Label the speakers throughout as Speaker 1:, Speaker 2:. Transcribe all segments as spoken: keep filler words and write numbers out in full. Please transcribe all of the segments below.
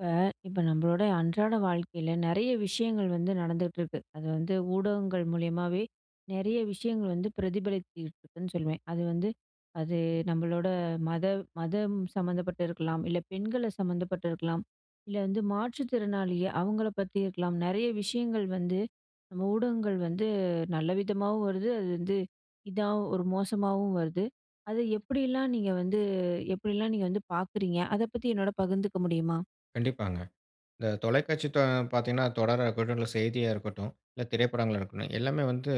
Speaker 1: இப்ப இப்ப நம்மளோடைய அன்றாட வாழ்க்கையில, நிறைய விஷயங்கள் வந்து நடந்துட்ருக்கு. அது வந்து ஊடகங்கள் மூலியமாவே, நிறைய விஷயங்கள் வந்து பிரதிபலிச்சுக்கிட்டிருக்குன்னு சொல்லுவேன். அது வந்து "அது நம்மளோட, மத மதம் சம்மந்தப்பட்டிருக்கலாம். இல்ல, பெண்கள சம்மந்தப்பட்டிருக்கலாம். இல்ல வந்து, மாற்று திறனாளிய, அவங்கள பத்தி இருக்கலாம்". நிறைய விஷயங்கள் வந்து, நம்ம ஊடகங்கள் வந்து நல்ல விதமாவும் வருது. அது வந்து, இதாவ் ஒரு மோசமாவும் வருது. அத எப்டியெல்லாம் நீங்க வந்து எப்டியெல்லாம் நீங்க வந்து பார்க்குறீங்க? அத பத்தி என்னோட பகிர்ந்துக்க முடியுமா?
Speaker 2: கண்டிப்பாங்க. இந்த தொலைக்காட்சி தொ பார்த்தீங்கன்னா, தொடரா இருக்கட்டும், இல்ல செய்தியா இருக்கட்டும், இல்ல திரைப்படங்களா இருக்கட்டும், எல்லாமே வந்து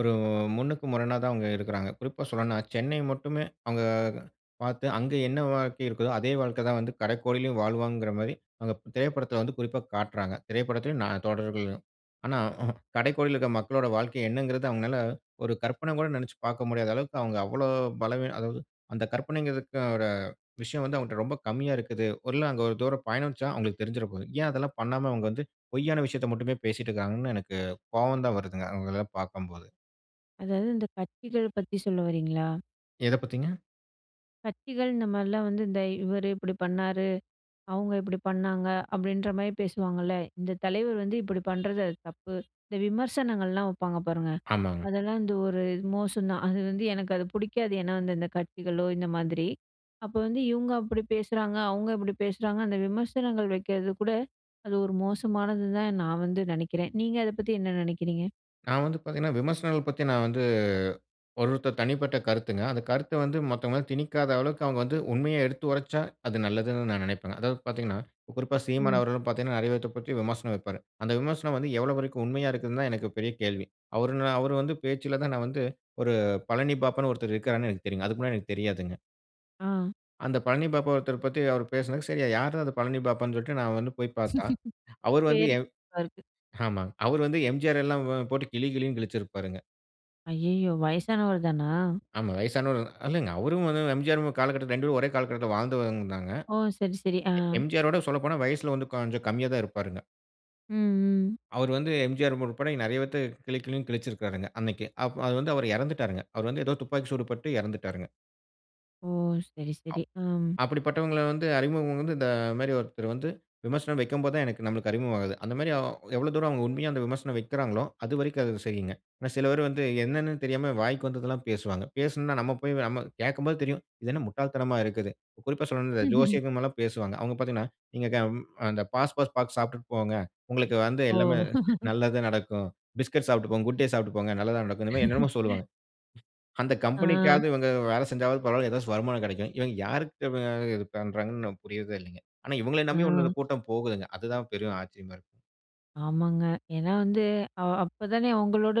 Speaker 2: ஒரு முன்னுக்கு முரணா தான் அவங்க எடுக்குறாங்க. குறிப்பா சொல்லனுனா சென்னை மட்டுமே, அவுங்க அ பார்த்து, அங்க என்ன வாழ்க்கை இருக்குதோ, அதே வாழ்க்கை தான் வந்து, கடைக்கோடியிலும் வாழ்வாங்கிற மாரி, அங்க திரைப்படத்துல வந்து குறிப்பா காட்றாங்க. திரைப்படத்துலையும் நா தொடர்கள்லயும். ஆனா ம்ஹூம். கடைக்கோடியில இருக்க மக்களோட வாழ்க்கை என்னங்கிறது அவங்களால, ஒரு கற்பனை கூட நினச்சு பார்க்க முடியாத அளவுக்கு அவங்க அவ்வளோ பலவீனம் அதாவது, அந்த கற்பனைங்கிறதுக்கோட விஷயம் வந்து அவங்கட்ட ரொம்ப கம்மியா இருக்குது. ஒருநாள் அங்க ஒரு தூரம் பயணிச்சா, அவங்களுக்கு தெரிஞ்சிர போது. ஏன் அதெல்லாம் பண்ணாம அவங்க வந்து, பொய்யான விஷயத்த மட்டுமே பேசிட்டு இருக்காங்கன்னு எனக்கு, கோவம் தான் வருதுங்க, அவங்களலாம் பார்க்கும்போது.
Speaker 1: அதாவது இந்த கத்திகள் பத்தி சொல்ல வர்றீங்களா?
Speaker 2: எத பத்திங்க?
Speaker 1: கட்சிகள் இந்த மாதிரிலாம் வந்து. "இந்த இவரு இப்படி பண்ணாரு. அவுங்க இப்படி பண்ணாங்க" அப்படின்ற மாரி பேசுவாங்கல்ல? "இந்த தலைவர் வந்து இப்படி பண்றது அது தப்பு". இந்த விமர்சனங்கள்லாம் வைப்பாங்க, பாருங்க.
Speaker 2: ஆமாங்க.
Speaker 1: அதெல்லாம் வந்து ஒரு, மோசம் தான். அது வந்து எனக்கு அது புடிக்காது. ஏன்னா வந்து, இந்த கட்சிகளோ இந்த மாதிரி. அப்போ வந்து "இவுங்க அப்படி பேசுறாங்க, அவுங்க இப்படி பேசுறாங்க" அந்த விமர்சனங்கள் வைக்கறது கூட, அது ஒரு மோசமானதுன்னு தான் நான் வந்து நினைக்கிறேன். நீங்க அத பத்தி என்ன நினைக்கிறீங்க?
Speaker 2: நான் வந்து பார்த்தீங்கன்னா, விமர்சனங்கள் பத்தி நான் வந்து ஒருவொருத்தர் தனிப்பட்ட கருத்துங்க. அந்த கருத்த வந்து மத்தவங்களாம் திணிக்காத அளவுக்கு அவங்க வந்து உண்மைய எடுத்து உரைச்சா, அது நல்லதுன்னு நான் நினைப்பங்க. அதாவது பார்த்தீங்கன்னா, குறிப்பா "சீமான்"
Speaker 1: ம்.
Speaker 2: அவர்களும் பார்த்தீங்கன்னா, நெறைய பேத்த பத்தி விமர்சனம் வைப்பாரு. அந்த விமர்சனம் வந்து எவ்வளோ வரைக்கும் உண்மையா இருக்குதுன்னு தான், எனக்கு பெரிய கேள்வி. அவரு ந அவரு வந்து பேச்சுல தான் நான் வந்து, ஒரு பழனி பாபானு ஒருத்தர் இருக்கிறாருன்னு எனக்கு தெரியுங்க. அதுக்கு முன்னாடி எனக்கு தெரியாதுங்க.
Speaker 1: ஆ.
Speaker 2: அந்த "பழனி பாபா" ஒருத்தர பத்தி அவரு பேசினது, சரி யாரு தான் அந்த பழனி பாபானு சொல்லிட்டு, நான் வந்து போயி பார்த்தா, அவரு வந்து
Speaker 1: .தேடி,
Speaker 2: எம்
Speaker 1: வருது.
Speaker 2: ஆமாங்க. அவர் வந்து எம்ஜிஆர் எல்லாம் வ போட்டு கிழி, கிழின்னு கிழிச்சிருப்பாருங்க.
Speaker 1: ஐயய்யோ! வயசானவரு தானா?
Speaker 2: ஆமா. வயசானவருதான். இல்லங்க, அவரும் வந்து எம்ஜிஆர் காலகட்டத்துல ரெண்டு பேரும் ஒரே காலகட்டத்துல வாழ்ந்துவந்தாங்க.
Speaker 1: ஓ! சரி, சரி. ஆ.
Speaker 2: எ எம்ஜிஆரோட சொல்லப்போனா, வயசுல வந்து கொஞ்சம் கம்மியா தான் இருப்பாருங்க.
Speaker 1: ம். ம்.
Speaker 2: அவரு வந்து எம்ஜிஆர் உட்பட நெறைய பேர்த்த கிழி கிழின்னு கிழிச்சிருக்காருங்க அன்னைக்கு. அப் அது வந்து அவரு இறந்துட்டாருங்க. அவர் வந்து ஏதோ துப்பாக்கி சூடு பட்டு இறந்துட்டாருங்க.
Speaker 1: ஓ! சரி,
Speaker 2: அப்
Speaker 1: சரி. அம்.
Speaker 2: அப்படிப்பட்டவங்கள வந்து, அறிமுகம் வந்து இந்த மாரி ஒருத்தரு வந்து, விமர்சனம் வைக்கும்போது தான் எனக்கு நம்மளுக்கு அறிமுகம் ஆகுது. அந்த மாரி அ எவ்வளவு தூரம் அவங்க உண்மையா அந்த விமர்சனம் வைக்கிறாங்களோ? அது வரைக்கும் அது சரிங்க. ஆனா, சில பேர் வந்து என்னன்னு தெரியாம, வாய்க்கு வந்ததெல்லாம் பேசுவாங்க. பேசினொன்ன, நம்ம போய் நம்ம கேட்கும்போது தெரியும், இது என்ன முட்டாள் தனமா இருக்குது! குறிப்பா சொல்லணும் [unintelligible] ஜோசியம் இதுமாரில்லாம் பேசுவாங்க. அவங்க பார்த்தீங்கன்னா, நீங்க கம் அந்த பாஸ் பாஸ் பாக்கு சாப்பிட்டுட்டு போங்க. உங்களுக்கு வந்து எல்லாமே
Speaker 1: ஓ!
Speaker 2: நல்லதுதான் நடக்கும். பிஸ்கட் சாப்பிட்டு போங்க, Good Day சாப்பிட்டு போங்க. நல்லதா நடக்கும். இந்த மாரி என்னென்னமோ சொல்லுவாங்க. அந்த
Speaker 1: ஆ.
Speaker 2: கம்பெனிக்காவது இவங்க வேலை செஞ்சாவது பரவாயில்லை ஏதாச்சு வருமானம் கெடைக்கும். இவங்க யாருக்கு [unintelligible] இது பண்ணுறாங்கன்னு நமக்கு புரியறதே இல்லைங்க. ஆனா இவங்கள நம்பி உன்னோரு
Speaker 1: ஆ.
Speaker 2: கூட்டம் போகுதுங்க. அதுதான் பெரும் ஆச்சரியமா இருக்கு.
Speaker 1: ஆமாங்க. ஏனா வந்து அ அப்ப தானே அவங்களோட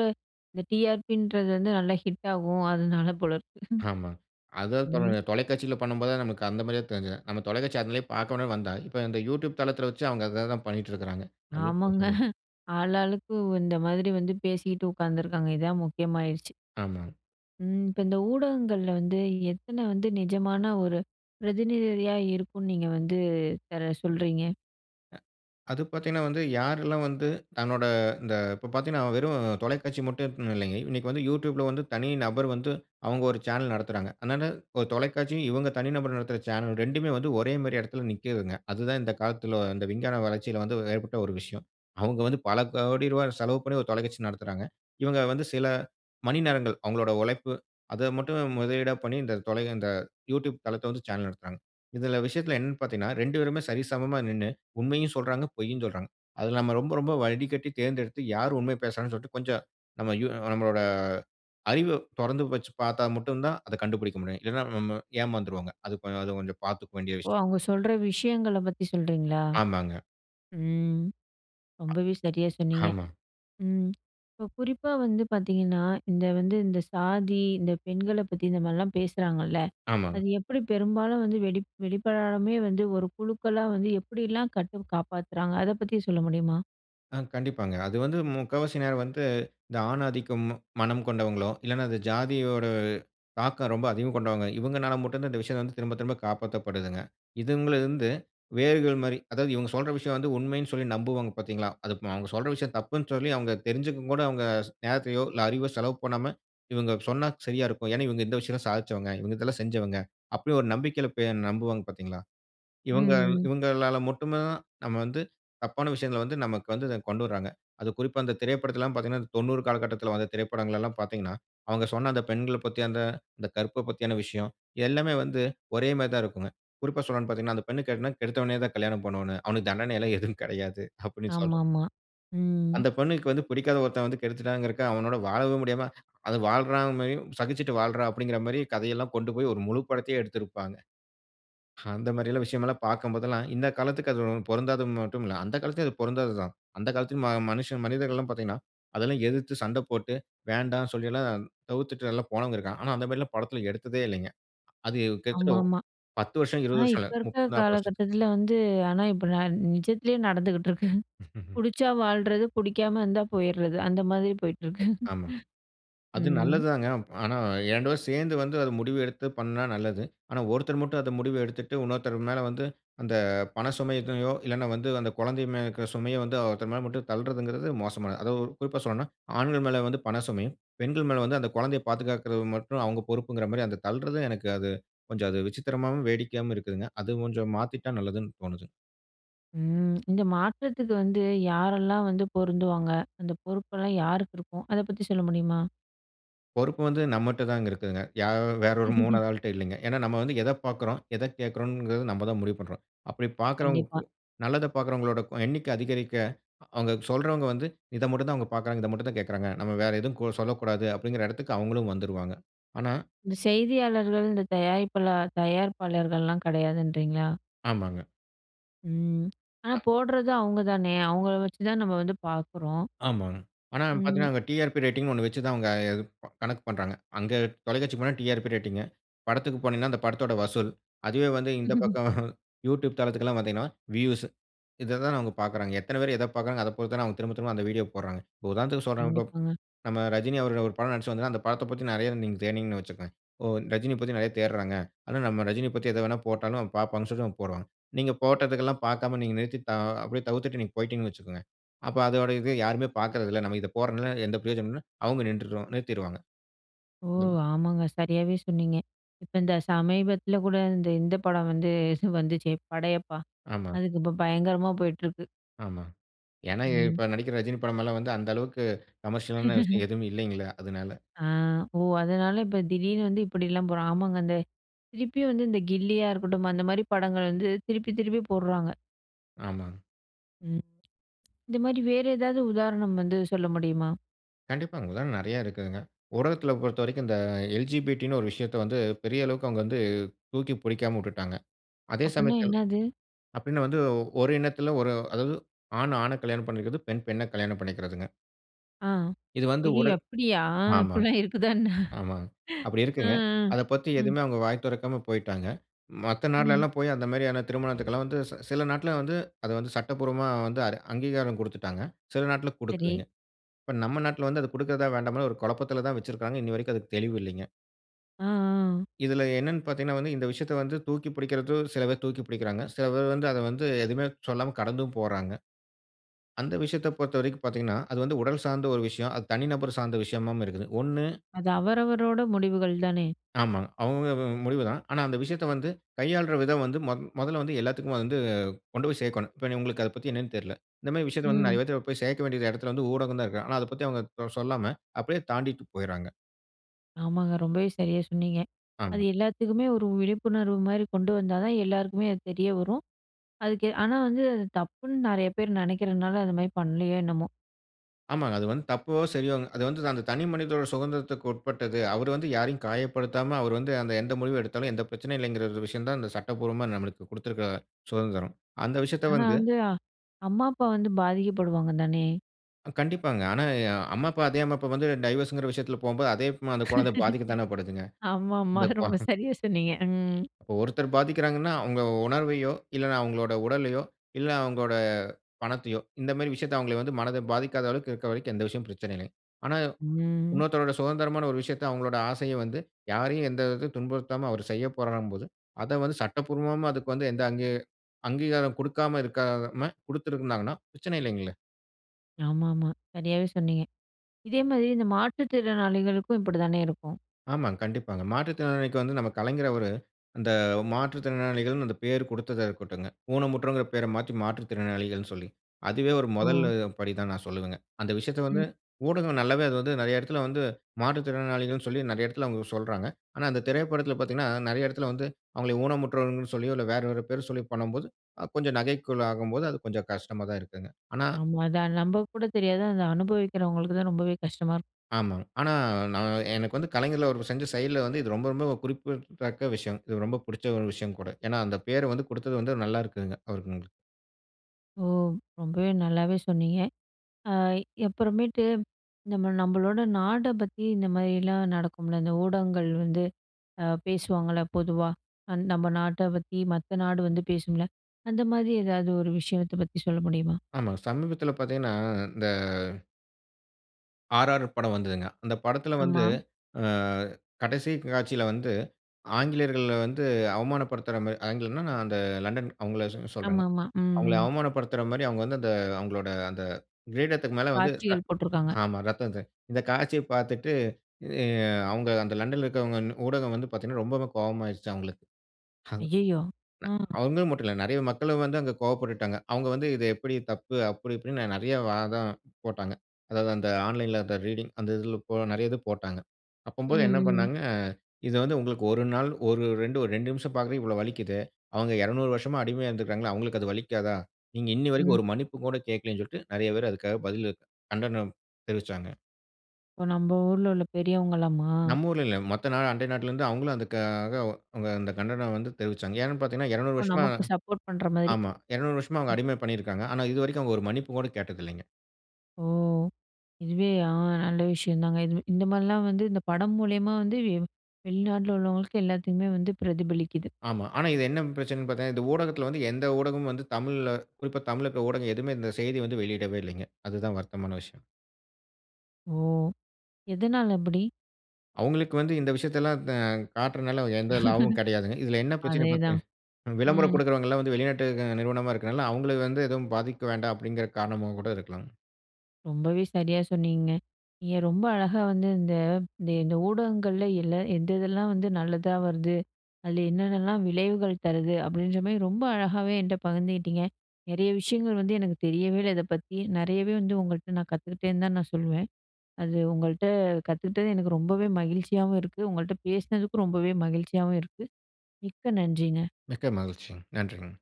Speaker 1: இந்த டி.ஆர்.பி. ன்றது வந்து நல்லா ஹிட் ஆகும். அதனால போல இருக்கு.
Speaker 2: ஆமாங்க. அது தொல
Speaker 1: ம்.
Speaker 2: தொலைக்காட்சியில பண்ணும்போது நமக்கு அந்த மாரியே தெரிஞ்சது. நம்ம தொலைக்காட்சி அதுலே பார்க்கோணும்னு வந்தா, இப்ப இந்த YouTube தளத்தில வச்சு அவங்க அத தான் பண்ணிட்டு இருக்குறாங்க.
Speaker 1: ஆமாங்க.
Speaker 2: [unintelligible]
Speaker 1: ஆளாளுக்கு உ இந்த மாதிரி வந்து பேசிட்டு உட்காந்துருக்காங்க. இதான் முக்கியமாயிருச்சு.
Speaker 2: ஆமாங்க.
Speaker 1: ம். இப்ப இந்த ஊடகங்கள்ல வந்து, எத்தனை வந்து நிஜமான ஒரு பிரதிநிதிரியா இருக்கும்ன்னு நீங்க வந்து பெறவு சொல்றீங்க?
Speaker 2: அ அது பாத்தீங்கன்னா வந்து, யாருல்லாம் வந்து தன்னோட இந்த இப்போ பாத்தீங்கன்னா வெறும் தொலைக்காட்சி மட்டும் இல்லைங்க. இன்னைக்கு வந்து YouTubeல வந்து தனி நபர் வந்து, அவங்க ஒரு சேனல் நடத்துறாங்க. அதுனால ஒரு தொலைக்காட்சியும், இவங்க தனி நபர் நடத்துற சேனல் ரெண்டுமே வந்து ஒரே மாதிரி இடத்துல நிக்கிதுங்க. அது தான் இந்த காலத்துல இந்த விஞ்ஞான வளர்ச்சியில வந்து ஏற்பட்ட ஒரு விஷயம். அவங்க வந்து பல கோடி ரூபாய் செலவு பண்ணி ஒரு தொலைக்காட்சி நடத்துறாங்க. இவங்க வந்து சில மணி நேரங்கள் அவங்களோட உழைப்பு, அத மட்டும் முதலீடா பண்ணி இந்த தொலை இந்த YouTube தளத்த வந்து சேனல் நடத்துறாங்க. இதுல விஷயத்துல என்னனு பாத்தீங்கன்னா, இரண்டு பேருமே சரி சமமா நின்னு உண்மையும் சொல்லுறாங்க, பொய்யும் சொல்லுறாங்க. அதுல நம்ப ரொம்ப, ரொம்ப வடிகட்டி தேர்ந்தெடுத்து யார் உண்மைய பேசுறாங்கன்னு சொல்லிட்டு கொஞ்சம் நம்ப யு நம்மளோட அறிவை தொறந்து வச்சு பாத்தா மட்டும் தான், அத கண்டுபிடிக்க முடியும். இல்லன்னா, ந நம்ம ஏமாந்துறுவோங்க. அது கொஞ் அது கொஞ்சம் பாத்துக்க வேண்டிய
Speaker 1: ஓ!
Speaker 2: விஷயம்.
Speaker 1: அவங்க சொல்லுற விஷயங்கள பத்தி சொல்றீங்களா?
Speaker 2: ஆமாங்க.
Speaker 1: ம் ரொம்பவே சரியா சொன்னீங்க.
Speaker 2: ஆமா.
Speaker 1: ம் இப்போ குறிப்பா வந்து பாத்தீங்கன்னா, இந்த வந்து இந்த சாதி இந்த பெண்கள பத்தி இந்த மாரிலாம் பேசுறாங்கல்ல,
Speaker 2: ஆமாங்க.
Speaker 1: அது எப்படி பெரும்பாலும் வந்து வெளி வெளிப்படாமயே வந்து ஒரு குழுக்களா வந்து எப்படிலாம் கட்டு காப்பாத்துறாங்க? அத பத்தி சொல்ல முடியுமா?
Speaker 2: ஆ. கண்டிப்பாங்க. அது வந்து முக்காவாசி நேரம் வந்து, இந்த ஆண் ஆதிக்கம் மனம் கொண்டவங்களோ! இல்லன்னா அது ஜாதியோட தாக்கம் ரொம்ப அதிகம் கொண்டவங்க. இவங்கனால மட்டும் தான் இந்த விஷயத்த வந்து திரும்ப, திரும்ப காப்பாத்தப்படுதுங்க. இதுங்களிருந்து வேர்கள் மாரி அதாவது, இவங்க சொல்ற விஷயம் வந்து உண்மைனு சொல்லி நம்புவாங்க பார்த்தீங்களா, அது அ அவங்க சொல்ற விஷயம் தப்புனு சொல்லி, அவங்க தெரிஞ்சிக்கவும் கூட அவங்க ஸ் நேரத்தையோ, இல்ல அறிவோ செலவு பண்ணாம, "இவங்க சொன்னா சரியா இருக்கும். ஏனா, இவங்க இந்த விஷயெல்லாம் சாதிச்சவங்க. இவங்க இதெல்லாம் செஞ்சவங்க." அப்டி ஒரு நம்பிக்கையில பே நம்புவாங்க பார்த்தீங்களா, இவங்க
Speaker 1: ம்.
Speaker 2: இவங்களால மட்டும் தான் நம்ம வந்து தப்பான விஷயங்கள வந்து நமக்கு வந்து இத கொண்டு வர்றாங்க. அது குறிப்பா இந்த திரைப்படத்துல எல்லாம் பார்த்தீங்கன்னா, தொண்ணூறு காலகட்டத்துல வந்த திரைப்படங்கள எல்லாம் பார்த்தீங்கன்னா, அவங்க சொன்ன அந்த பெண்கள பத்தி, அந்த அந்த கற்ப பத்தியான விஷயம், எல்லாமே வந்து ஒரே மாதிரி தான் இருக்குங்க. குறிப்பா சொல்லணும்னு பார்த்தீங்கன்னா, "அந்த பெண்ணை கட்டுனா கெடுத்தவனே தான் கல்யாணம் பண்ணனும். அவனுக்கு தண்டனை எல்லாம் எதுவும் கிடையாது." அப்டினு சொல்றது.
Speaker 1: ஆமாமா. ம்.
Speaker 2: அந்த பெண்ணுக்கு வந்து பிடிக்காத ஒருத்தன் வந்து கெடுத்துட்டான்கிறக்காக அவனோட வாழவும் முடியாம அது வாழ்றா மாரியும் சகிச்சிட்டு வாழ்றா அப்டின்கிற மாரி கதையெல்லாம் கொண்டுபோய் ஒரு முழு படத்தையே எடுத்திருப்பாங்க. அந்த மாரி எல்லாம் விஷயம் எல்லாம் பார்க்கும் போதெல்லாம் இந்த காலத்துக்கு அது ஒ பொருந்தாது மட்டுமில்ல. அந்த காலத்திலயும் அது பொருந்தாது தான். அந்த காலத்திலும் ம மனிஷன் மனிதர்கள்லாம் பார்த்தீங்கன்னா, அதெல்லாம் எதிர்த்து சண்ட போட்டு, "வேண்டா" சொல்லி எல்லாம் தவிர்த்துட்டெல்லாம் போனவன் இருக்கான். ஆனா, அந்த மாரி எல்லாம் படத்துல எடுத்ததே இல்லைங்க. அது கிட்டத்தட்ட ஒ
Speaker 1: ஆமாமா.
Speaker 2: பத்து வருஷம், இருவது
Speaker 1: ஆனா,
Speaker 2: வருஷம்
Speaker 1: இப்ப
Speaker 2: இல்ல
Speaker 1: இருக்கிற
Speaker 2: முப்பது, நாப்பது வருஷத்துக்கு
Speaker 1: காலகட்டத்துல வந்து ஆனா, இப்ப நான் நிஜத்திலேயே நடந்துட்டிருக்கு. புடிச்சா வாழ்றது, புடிக்காம இருந்தா போயிறது. அந்த மாரி போயிட்டிருக்கு.
Speaker 2: ஆமாங்க. அது
Speaker 1: ம்.
Speaker 2: நல்லது தாங்க. ஆனா ரெண்டு பேரும் சேர்ந்து வந்து அத முடிவு எடுத்து பண்ணா நல்லது. ஆனா, ஒருத்தர் மட்டும் அத முடிவு எடுத்துட்டு, இன்னொருத்தர் மேல வந்து அந்த பண சுமை இதயோ இல்லைனா வந்து அந்த குழந்தை மே இருக்கிற சுமைய வந்து ஒருத்தர் மேல மட்டும் தள்றதுங்குறது மோசமானது. அதா, குறிப்பா சொல்லணும்னா, ஆண்கள் மேல வந்து பண சுமையும், பெண்கள் மேல வந்து, அந்த குழந்தைய பாதுகாக்குறது மட்டும் அவங்க பொறுப்புங்கிற மாரியும், அந்த தள்றது எனக்கு அது கொஞ்சம் அது விசித்திரமாவும், வேடிக்கையாவும் இருக்குதுங்க. அது கொஞ்சம் மாத்திட்டா நல்லதுன்னு தோணுது.
Speaker 1: ம். இந்த மாற்றத்துக்கு வந்து யாரெல்லாம் வந்து பொருந்துவாங்க. அந்த பொறுப்பெல்லாம் யாருக்கு இருக்கும். அத பத்தி சொல்ல முடியுமா?
Speaker 2: பொறுப்பு வந்து நம்மட்டதாங்க இருக்குதுங்க. யாரோ வேற ஒரு மூனாவது ஆள்ட்ட இல்லேங்க. ஏன்னா, நம்ம வந்து எத பார்க்கிறோம், எத கேட்கிறோங்கிறது நம்ம தான் முடிவு பண்றோம். அப்படி
Speaker 1: கண்டிப்பா.
Speaker 2: பார்க்கிறவங்களுக்கு நல்லத பார்க்கிறவங்களோட எண்ணிக்கை அதிகரிக்க, அவுங்க சொல்றவுங்க வந்து இத மட்டும் தான் அவுங்க பார்க்குறாங்க, இத மட்டும் தான் கேட்குறாங்க. நம்ம வேற எதுவும் கொ சொல்லக்கூடாது அப்பிடிங்கிற இடத்துக்கு அவுங்களும் வந்துருவாங்க. ஆனா
Speaker 1: இந்த செய்தியாளர்கள், இந்த தயாரிப்பிளா தயாரிப்பாளர்கள்லாம் கிடையாதுன்றீங்களா?
Speaker 2: ஆமாங்க.
Speaker 1: ம். ஆனா
Speaker 2: அ.
Speaker 1: போடுறது அவுங்க தானே! அவுங்கள வச்சுதான் நம்ம வந்து பார்க்குறோம்.
Speaker 2: ஆமாங்க. ஆனா
Speaker 1: ம்.
Speaker 2: பார்த்தீங்கன்னா, டிஆர்பி ரேட்டிங்ன்னு ஒண்ணு வச்சுதான் அவுங்க அது கணக்கு பண்றாங்க. அங்க தொலைக்காட்சி போனா டிஆர்பி ரேட்டிங். படத்துள்க்கு போனீங்கன்னா அந்த படத்தோட வசூல். அதுவே வந்து இந்த பக்கம் YouTube தளத்துக்கு எல்லாம் வந்தீங்கன்னா, வியூஸ். இத தான் அவுங்க பார்க்குறாங்க. எத்தன பேர் எத பார்க்கிறாங்க. அதப் பொறுத்து தான் அவுங்க திரும்ப, திரும்ப அந்த வீடியோ போட்றாங்க. இப்ப உதாரணத்திற்கு சொல்றேன் இப்ப
Speaker 1: கண்டிப்பாங்க.
Speaker 2: நம்ம ரஜினி அவர்கள் ஒரு படம் நடிச்சு வந்தா, அந்த படத்த பத்தி நிறைய நீங்க தேடினீங்கன்னு வச்சிக்கோங்களேன், ஓ! ரஜினிய பத்தி நிறைய தேட்றாங்க. அதுனா நம்ம ரஜினிய பத்தி எத வேணா போட்டாலும் பார்ப்பாங்கன்னு சொல்லி அவன் போட்றான். நீங்க போட்டதுக்கு எல்லாம் பார்க்காம நீங்க நிறுத்தி த அ அப்பிடியே தவிர்த்துட்டு நீங்க போயிட்டீங்கன்னு வச்சுக்கோங்க. அப்ப அதோட இது யாருமே பார்க்கிறதில்ல. நம்ம இத போடுறதுனால எந்த பிரயோஜனம் இல்ல. அவுங்க நின்றுவாங்க, நிறுத்திருவாங்க.
Speaker 1: ஓ!
Speaker 2: [unintelligible]
Speaker 1: ஆமாங்க. சரியாவே சொன்னீங்க. இப்ப இந்த சமீபத்தில கூட இந்த இந்த படம் வந்து இது வந்துச்சே, "படையப்பா."
Speaker 2: ஆமாங்க.
Speaker 1: அதுக்கு இப்ப பயங்கரமா போயிட்டிருக்கு.
Speaker 2: ஆமாங்க. ஏன்னா இ
Speaker 1: ம்.
Speaker 2: இப்ப நடிக்கிற ரஜினி படமல்லாம் வந்து அந்த அளவுக்கு கமர்ஷியலான விஷயம் எதுவுமில்லைங்களே அதனால.
Speaker 1: ஆ. ஓ! அதனால இப்ப திடீர்னு வந்து இப்படிலாம் போறா. ஆமாங்க அந்த திருப்பியும் வந்து இந்த கில்லியா இருக்கட்டும், அந்த மாரி படங்கள் வந்து திருப்பி, திருப்பி போடுறாங்க.
Speaker 2: ஆமாங்க.
Speaker 1: ம். இந்த மாரி வேற எதாவது உதாரணம் வந்து சொல்ல முடியுமா?
Speaker 2: கண்டிப்பாங்க. அங்கல்லாம் நெறைய இருக்குதுங்க. உலகத்துல பொறுத்தவரைக்கும் இந்த எல். ஜி. பி. டி. ன்னு ஒரு விஷயத்தை வந்து பெரிய அளவுக்கு அவங்க வந்து தூக்கி புடிக்காம வுட்டுட்டாங்க. அதே
Speaker 1: அப்பட்ன்னா
Speaker 2: சமயத்தில்
Speaker 1: என்னாது?
Speaker 2: அப்படின்னா வந்து ஓர் இனத்தில ஒரு அதாவது ஆண் ஆண கல்யாணம் பண்ணிக்கிறது, பெண் பெண்ணை கல்யாணம் பண்ணிக்கிறதுங்க.
Speaker 1: ஆ.
Speaker 2: இது வந்து
Speaker 1: ஐயயோ!
Speaker 2: உடல்
Speaker 1: அப்படியா?
Speaker 2: ஆமாங்க.
Speaker 1: இப்படிலாம் இருக்குதா என்ன?
Speaker 2: ஆமாங்க. அப்படி
Speaker 1: அ.
Speaker 2: இருக்குங்க. அதை பத்தி
Speaker 1: அ. ம்.
Speaker 2: எதுவுமே அவங்க வாய் தொறக்காம போய்ட்டாங்க. மத்த
Speaker 1: ம்.
Speaker 2: நாடுலல்லாம் போய் அந்த மாரியான திருமணத்துக்கல்லாம் வந்து சி சில நாட்ல வந்து அதை வந்து சட்டபூர்வமா வந்து அரு அங்கீகாரம் குடுத்துட்டாங்க. சில நாட்ல
Speaker 1: சரி.
Speaker 2: குடுக்கலைங்க. இப்ப நம்ம நாட்ல வந்து அதை குடுக்கறதா? வேண்டாமான்னு ஒரு குழப்பத்தில தான் வச்சுருக்காங்க. இன்னை வரைக்கும் அதுக்கு தெளிவில்லைங்க.
Speaker 1: அ. ஆ.
Speaker 2: இதுல என்னன்னு பார்த்தீங்கன்னா வந்து, இந்த விஷயத்தை வந்து தூக்கி புடிக்கிறதும் சில பேர் தூக்கி புடிக்கிறாங்க. சில பேர் வந்து அதை வந்து எதுவுமே சொல்லாம கடந்தும் போறாங்க. அந்த விஷயத்தை பொறுத்தவரைக்கும் பார்த்தீங்கன்னா, அது வந்து உடல் சார்ந்த ஒரு விஷயம். அது தனி நபர் சார்ந்த விஷயமாவும் இருக்குது. ஒண்ணு
Speaker 1: அது அவரவரோட முடிவுகள் தானே.
Speaker 2: ஆமாங்க. அவங்க [unintelligible] முடிவு தான். ஆனா அந்த விஷயத்தை வந்து கையாள்ற விதம் வந்து மொ மொதல்ல வந்து எல்லாத்துக்கும் வந்து கொண்டு போய் சேர்க்கோணும். இப்ப நீ உங்களுக்கு அதை பத்தி என்னன்னு தெர்ல. இந்த மாரி விஷயத்தை வந்து
Speaker 1: ம்.
Speaker 2: நெறைய பேத்துக்கு போய் சேர்க்க வேண்டிய இடத்தில வந்து ஊடகம் தான் இருக்கு. ஆனா அதை பத்தி அவங்க தொ சொல்லாம, அப்படியே தாண்டிட்டு போயிர்றாங்க.
Speaker 1: ஆமாங்க ரொம்பவே சரியாக சொன்னீங்க. அது
Speaker 2: ஆமா.
Speaker 1: எல்லாத்துக்குமே ஒரு விழிப்புணர்வு மாரி கொண்டு வந்தா தான் எல்லாருக்குமே அது தெரிய வரும். அதுக்கு ஆனா வந்து அது தப்புன்னு நெறைய பேரு நெனைக்கிறனால, அது மாரி பண்ணலையோ என்னமோ.
Speaker 2: ஆமாங்க. அது வந்து தப்போ சரியோங்க, அது வந்து அந்த தனி மனிதனுடைய சுகந்திரத்துக்கு உட்பட்டது. அவரு வந்து யாரையும் காயப்படுத்தாம, அவரு வந்து அந்த எந்த முடிவு எடுத்தாலும், எந்த பிரச்சனையும் இல்லைங்கிற விஷயம் தான் இந்த சட்டபூர்வமா நமக்கு குடுத்திருக்கிற சுதந்திரம். அந்த விஷயத்தை
Speaker 1: ஆனா
Speaker 2: வந்து
Speaker 1: வந்து அம்மா, அப்பா வந்து பாதிக்கப்படுவாங்க தானே.
Speaker 2: கண்டிப்பாங்க. ஆனா அம்மா, அப்பா அதே அம்மா, அப்பா வந்து டைவோர்ஸ்ன்கிற விஷயத்ல போகும்போது அதே வித்மா அந்த கொழந்த பாதிக்க தானே படுதுங்க.
Speaker 1: ஆமாமா
Speaker 2: அந்த கொ
Speaker 1: ரொம்ப சரியா சொன்னீங்க.ம்.
Speaker 2: இப்போ ஒருத்தர் பாதிக்கிறாங்கன்னா, அவங்க உணர்வையோ, இல்லன்னா அவங்களோட உடலையோ, இல்ல அங்களோட பணத்தையோ இந்த மாரி விஷயத்த, அங்கள வந்து மனத பாதிக்காத அளவுக்கு இருக்க வரைக்கும், எந்த விஷயமும் பிரச்சனை இல்லங்க. ஆனா
Speaker 1: ம்.
Speaker 2: இன்னொருத்தருடைய சுதந்திரமான ஒரு விஷயத்த, அங்ககளுடைய ஆசைய வந்து யாரையும் எந்த விதத்தையும் துன்புறுத்தாம அவரு செய்யப்போறார்ன்னும் போது, அத வந்து சட்டபூர்வமா அதுக்கு வந்து எந்த அங்கி அங்கீகாரம் குடுக்காம இருக்காம குடுத்துருந்தாங்கன்னா, பிரச்சனை இல்லைங்களே.
Speaker 1: ஆமாமா. சரியாவே சொன்னீங்க. இதேமாரி இந்த மாற்றுத்திறனாளிகளுக்கும் இப்படி தானே இருக்கும்.
Speaker 2: ஆமாங்க கண்டிப்பாங்க. மாற்றுத்திறனாளிக்கு வந்து நம்ம கலைஞர் அவரு, அந்த மாற்றுத்திறனாளிகள்னு அந்த பேரு குடுத்ததா இருக்கட்டுங்க. ஊனமுற்றவங்கன்ன பெர மாற்றி மாற்றுத்திறனாளிகள்னு சொல்லி. அதுவே ஒரு
Speaker 1: ஓ!
Speaker 2: மொதலு படி தான் நான் சொல்லுவேங்க. அந்த விஷயத்த வந்து
Speaker 1: ம்.
Speaker 2: ஊடகம் நல்லாவே அது வந்து நெறைய இடத்துல வந்து மாற்றுத்திறனாளிகள்னு சொல்லி நெறைய இடத்தில அவங்க சொல்றாங்க. ஆனா அந்த திரைப்படத்ல பார்த்தீங்கன்னா நெறைய இடத்துல வந்து அவங்கள ஊனமுற்றவர்கள்னு சொல்லியோ இல்ல வேறு ஒரு பெயர் சொல்லி பண்ணும்போது அ கொஞ்சம் நகைக்குள் ஆகும்போது அது கொஞ்சம் கஷ்டமா தான் இருக்குங்க. ஆனா
Speaker 1: ஆமா அதான். நம்பக்கு கூட தெரியாது அதை அனுபவிக்கிறவங்களுக்கு தான் ரொம்பவே கஷ்டமா இருக்கும்.
Speaker 2: ஆமாங்க. ஆனா நான் எனக்கு வந்து கலைஞர்ல அவர் செஞ்ச செயல்ல வந்து இது ரொம்ப, ரொம்ப குறிப்பிடத்தக்க விஷயம். இது ரொம்ப புடிச்ச ஒரு விஷயம் கூட. ஏன்னா அந்த பேர வந்து குடுத்தது வந்து நல்லா இருக்குங்க. அவருகளுக்குங்க.
Speaker 1: ஓ! ரொம்பவே நல்லாவே சொன்னீங்க. அ எப்புறமேட்டு நம்ம நம்மளோட நாட பத்தி இந்த மாதிரிலாம் நடக்கும்ல. இந்த ஊடகங்கள் வந்து அ பேசுவாங்கல்ல பொதுவா. நம்ம நாட்ட பத்தி மத்த நாடு வந்து பேசும்ல? அந்த மாதிரி எதாவது ஒரு விஷயத்த பத்தி சொல்ல முடியுமா?
Speaker 2: ஆமா. சமீபத்தில பார்த்தீங்கன்னா இந்த ஆர்ஆர் படம் வந்ததுங்க. அந்த படத்துல வந்து
Speaker 1: ஆமா.
Speaker 2: அ கடைசி காட்சில வந்து ஆங்கிலேயர்கள வந்து அவமானப்படுத்துற மாரி ஆங்கிலேயர்னா அந்த நான் அந்த லண்டன் அவங்கள சொ சொல்றேங்க.
Speaker 1: ஆமாமா.
Speaker 2: அவங்கள
Speaker 1: ம்.
Speaker 2: அவமானப்படுத்துற மாரி அவங்க வந்து அந்த அவங்களோட அந்த கிரீடத்துக்கு மேல வந்து ர
Speaker 1: காட்சிகள் போட்டிருக்காங்க.
Speaker 2: ஆமா ரத்தத்த இந்த காட்சிய பார்த்துட்டு எ அவங்க அந்த லண்டன்ல இருக்கிறவங்க இன் ஊடகம் வந்து பார்த்தீங்கன்னா ரொம்பவே கோவமாயிடுச்சா அவங்களுக்கு. அங் ந
Speaker 1: ஐய்யயோ! ம்.
Speaker 2: அவங்கள மட்டும் இல்ல நெறைய மக்களும் வந்து அங்க கோவப்பட்டுட்டுடாங்க. அவங்க வந்து இது எப்படி தப்பு அப்படி இப்படின்னு நெறைய வாதம் போட்டாங்க. அதாவது அந்த ஆன்லைன்ல அந்த ரீடிங் அந்த இதில போன நெறைய இது போட்டாங்க. அப்பம்போது என்ன
Speaker 1: ம், ம்.
Speaker 2: பண்னாங்க. இது வந்து உங்களுக்கு ஒரு நாள் ஒரு ரெண்டு ஒரு ரெண்டு நிமிஷம் பார்க்கவே இவ்வளோ வலிக்கிதே. அவங்க இருநூறு வருஷமா அடிமையா இருந்திருக்கிறாங்களே! அவங்களுக்கு அது வலிக்காதா? நீங்க இன்னி வரைக்கும்
Speaker 1: ம்.
Speaker 2: ஒரு மன்னிப்பு கூட கேட்கல்லன்னு சொல்லிட்டு நெறைய பேர் அதுக்காக பதில் கண்டனம் தெரிவிச்சாங்க.
Speaker 1: இப்போ நம்ப ஊருல உள்ள பெரியவங்களாமா?
Speaker 2: நம்ப ஊருல இல்ல. மத்த நாடு அண்டை நாட்டுல இருந்து அவுங்களும் அதுக்காக வ அந்த கண்டனம் வந்து தெரிவிச்சாங்க. ஏன்னு பாத்தீங்கன்னா இருநூறு
Speaker 1: இப்போ
Speaker 2: வருஷமா
Speaker 1: நமக்கு சப்போர்ட் பண்ணுற மாரி.
Speaker 2: ஆமா. இருநூறு வருஷமா அவங்க
Speaker 1: ம்.
Speaker 2: அடிமை பண்ணியிருக்காங்க. ஆனா, இதுவரைக்கும் அவங்க ஒரு மன்னிப்பு கூட கேட்டதில்லிங்க.
Speaker 1: ஓ! இதுவே அ நல்ல விஷயம்தாங்க. இதுமே இந்த மாதிரிலாம் வந்து இந்த படம் மூலியமா வந்து வெ வெளிநாட்டுல உள்ளவங்களுக்கு எல்லாத்துக்குமே வந்து பிரதிபலிக்குது.
Speaker 2: ஆமா. ஆனா இது என்ன பிரச்சனைனு பாத்தா, இந்த ஊடகத்துல வந்து எந்த ஊடகமும் வந்து தமிழ்ல குறிப்பா தமிழ்ல இருக்கிற ஊடகம் எதுவுமே இந்த செய்தி வந்து வெளியிடவே இல்லைங்க. அது தான் வருத்தமான விஷயம்.
Speaker 1: ஓ! எதனால அப்படி?
Speaker 2: அவங்களுக்கு வந்து இந்த விஷயத்தை எல்லாம் த காட்டுறனால எந்த லாபமும் கிடையாதுங்க. இதுல என்ன பிரச்சனைனு
Speaker 1: அதேதான்.
Speaker 2: பாத்தீங்கன்னா, விளம்பரம்
Speaker 1: ம்.
Speaker 2: கொடுக்கறவங்க எல்லாம் வந்து வெளிநாட்டு க நிறுவனமா இருக்குறனால, அவங்களுக்கு வந்து எதுவும் பாதிக்க வேண்டாம் அப்படிங்கிற காரணமா கூட இருக்கலாம்.
Speaker 1: ரொம்பவே சரியா சொன்னீங்க. நீங்க ரொம்ப அழகா வந்து இந்த இந்த இந்த ஊடகங்கள்ல இல்ல, எந்த இதெல்லாம் வந்து நல்லதா வருது. அதுல என்னென்னலாம் விளைவுகள் தருது அப்படின்ற மாதிரி ரொம்ப அழகாகவே என்கிட்ட பகிர்ந்துகிட்டிங்க. நெறைய விஷயங்கள் வந்து எனக்கு தெரியவே இல்ல இத பத்தி. நிறையவே வந்து உங்கள்ட்ட நான் கத்துக்கிட்டேன்னு தான் நான் சொல்லுவேன். அது உங்கள்ட்ட கத்துக்கிட்டது எனக்கு ரொம்பவே மகிழ்ச்சியாவும் இருக்கு. உங்கள்ட்ட பேசினதுக்கும் ரொம்பவே மகிழ்ச்சியாவும் இருக்கு. மிக்க நன்றிங்க.
Speaker 2: மிக்க மகிழ்ச்சிங்க. நன்றிங்க.